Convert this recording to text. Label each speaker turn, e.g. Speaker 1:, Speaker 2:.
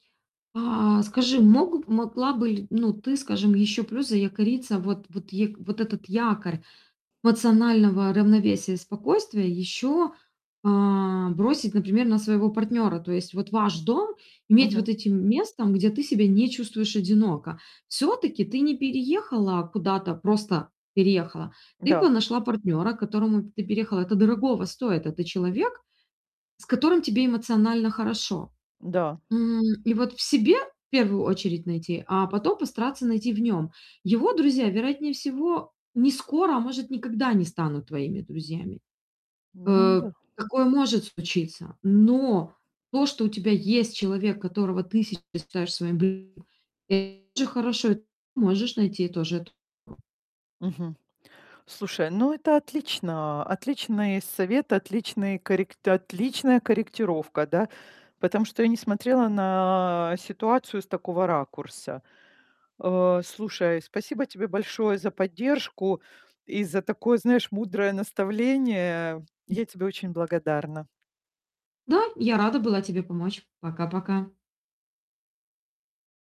Speaker 1: А, скажи, мог могла бы ли, ну, ты, скажем, еще плюс заякориться, вот вот е вот этот якорь эмоционального равновесия и спокойствия еще, а, бросить, например, на своего партнера. То есть вот ваш дом иметь
Speaker 2: Мгм.
Speaker 1: вот этим местом, где ты себя не чувствуешь одиноко. Всё-таки ты не переехала куда-то: просто переехала. Ты п
Speaker 2: Да.
Speaker 1: нашла партнера, к которому ты переехала. Это дорогого стоит. Это человек, с которым тебе эмоционально хорошо.
Speaker 2: Да.
Speaker 1: М, и вот в себе, в первую очередь, найти, а потом постараться найти в нём. Его друзья, вероятнее всего, не скоро, а может, никогда не станут твоими друзьями.
Speaker 2: Ну
Speaker 1: Э,
Speaker 2: да.
Speaker 1: такое может случиться. Но то, что у тебя есть человек, которого ты се считаешь своим [unintelligible] че хорошо, можешь найти тоже эту
Speaker 2: Мгм. Слушай, ну, это отлично. Отличный совет, отличный коррек отличная корректировка, да. Потому что я не смотрела на ситуацию с такого ракурса. Э, слушай, спасибо тебе большое за поддержку и за такое, знаешь, мудрое наставление. Я тебе очень благодарна.
Speaker 1: Да, я рада была тебе помочь. Пока-пока.